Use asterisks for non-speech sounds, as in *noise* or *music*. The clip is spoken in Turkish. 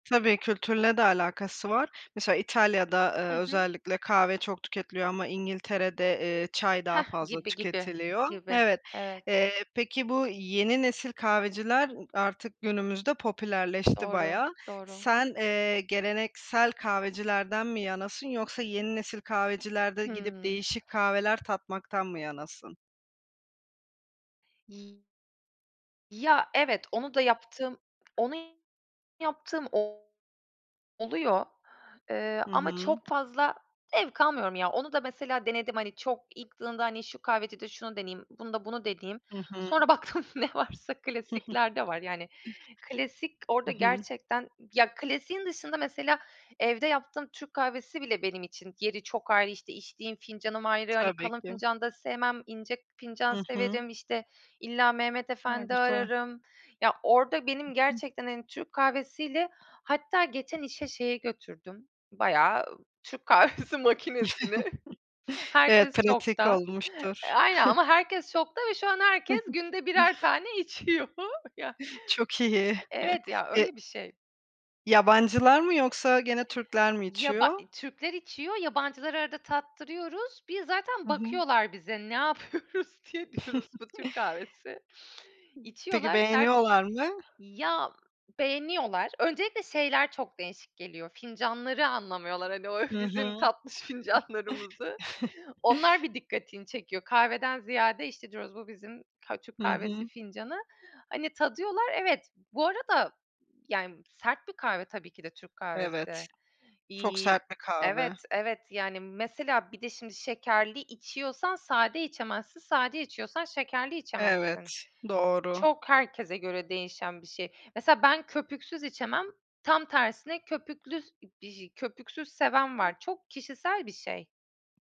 Tabii, kültürle de alakası var, mesela İtalya'da, ııı, Hı hı. özellikle kahve çok tüketiliyor ama İngiltere'de, eee, çay daha Heh, fazla gibi gibi, tüketiliyor. gibi. Evet, Evet. eee, peki, bu yeni nesil kahveciler, ııı, artık günümüzde popülerleşti Doğru, bayağı. doğru Sen, eee, geleneksel kahvecilerden mi yanasın yoksa yeni nesil kahvecilerde gidip Hımm. değişik kahveler tatmaktan mı yanasın? Ya, evet, onu da yaptığım onu yaptığım o oluyor, eee, Hı ama hı. çok fazla zevk almıyorum ya, onu da mesela denedim, hani, çok *unintelligible* hani, şu kahveci de şunu deneyeyim bunu da bunu deneyeyim Hı hı. sonra baktım ne varsa *chuckles* klasikler de var. Yani, klasik Hı orada hı. gerçekten ya, klasiğin dışında mesela evde yaptığım Türk kahvesi bile benim için yeri çok ayrı, işte, içtiğim fincanım ayrı, hani, Tabii kalın ki. fincanda sevmem ince fincan Hı hı. severim, işte, illa Mehmet A, Efendi güzel. ararım. Ya, orada benim Hı hı. gerçekten, hani, Türk kahvesiyle, hatta geçen işe şeyi götürdüm bayağı Türk kahvesi makinesini, *chuckles* Evet, herkes pratik şokta. E, olmuştur. aynen, eee, *chuckles* ama herkes şokta ve şu an herkes *chuckles* günde birer tane içiyor ya *chuckles* Çok iyi, *chuckles* Evet ya, e öyle bir şey. Yabancılar mı yoksa gene Türkler mi Ya, ba içiyor? eee, Türkler içiyor, yabancılara arada tattırıyoruz, bir zaten Hı hı. bakıyorlar bize ne yapıyoruz diye. Diyoruz: "Bu *chuckles* Türk kahvesi." Peki, içiyorlar, sert beğeniyorlar mı? ya, beğeniyorlar. Öncelikle şeyler çok değişik geliyor, fincanları anlamıyorlar, hani, o Hı bizim hı. tatlış fincanlarımızı. *chuckles* Onlar bir dikkatini çekiyor, kahveden ziyade işte diyoruz: "Bu bizim ka Türk Hı kahvesi hı. fincanı." hani, tadıyorlar, evet. Bu arada, yani, sert bir kahve tabii ki de Türk Evet, kahvesi, çok iii, sert bir kahve. evet, evet, yani, mesela bir de şimdi şekerli içiyorsan sade içemezsin, sade içiyorsan şekerli Evet, içemezsin. doğru. Çok herkese göre değişen bir şey. Mesela ben köpüksüz içemem, tam tersine köpüklü, s iii, köpüksüz seven var, çok kişisel bir şey.